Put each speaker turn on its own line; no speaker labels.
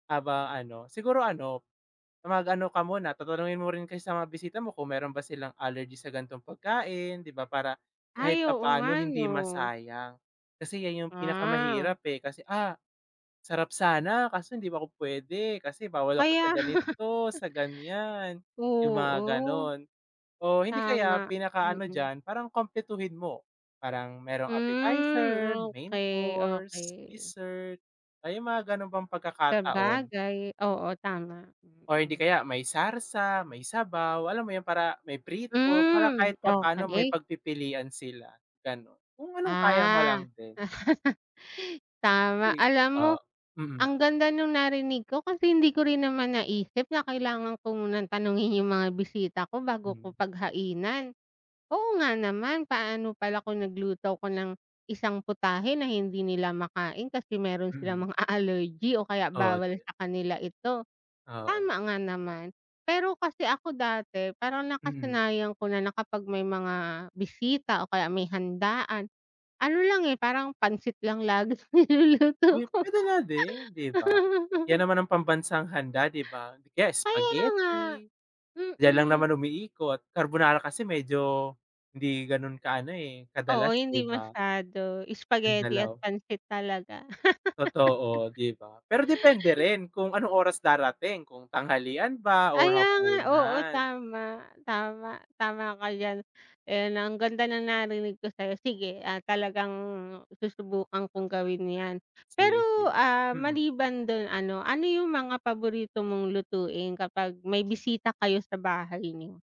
Aba ano, siguro ano, mag ano ka muna, tatanungin mo rin kasi sa mga bisita mo kung meron ba silang allergy sa gan'tong pagkain, 'di ba, para kahit
Ay, oo nga
papaano hindi
'no.
masayang. Kasi 'yan yung
Ah.
pinakamahirap, eh, kasi, "Ah, sarap sana kaso hindi pa ako pwede kasi bawal ako
Kaya,
sa ganito, sa ganyan," yung mga
oo.
gano'n. Oh, hindi kaya,
Tama,
pinaka ano
mm.
diyan, parang kumpletuhin mo. Parang merong
Hmm,
appetizer, main
okey,
course,
okey.
dessert, ah, yung mga gano'n bang pagkakataon.
Sabagay, oo, tama,
Or hindi
hmm.
kaya, may sarsa, may sabaw, alam mo yun, para may prito. Para
Hmm,
kahit papaano, may
okey.
pagpipilian sila, ganun. Kung anong kaya mo
Ah.
lang din.
Tama.
Eh,
Alam mo,
ah, mm.
ang ganda nung narinig ko kasi hindi ko rin naman naisip na kailangan ko munang tanungin yung mga bisita ko bago ko
Mm.
paghainan. Oo nga naman, paano pala kung nagluto ako ng isang putahe na hindi nila makain kasi meron
Mm.
silang mga allergy o kaya
Oo.
bawal sa kanila ito.
Oo.
Tama nga naman. Pero kasi ako dati, parang
Mm.
nakasanayan ko na, na kapag may mga bisita o kaya may handaan, ano lang, eh, parang pancit laging niluluto
Uy,
ko.
pwede nga din, 'di ba? 'Yan naman ang pambansang handa, 'di ba? 'Di kaya
Kaya nga,
spaghetti, diyan lang
mm.
naman umiikot. Carbonara kasi medyo hindi gano'n kaano, eh,
Oo,
kadalas, 'di
hindi
ba?
masyado.
Yung
Spaghetti at
dalaw
pancit talaga.
Totoo, 'di ba? Pero depende rin kung anong oras darating, kung tanghalian ba or
Kaya nga, oo
hapunan.
tama, tama. Tama ka diyan. Ayun, ang ganda na narinig ko sa'yo. Sige, ah, talagang susubukan kong gawin 'yan.
Yes, yes,
Pero, ah,
mm.
maliban dun ano ano yung mga paborito mong lutuin kapag may bisita kayo sa bahay niyo?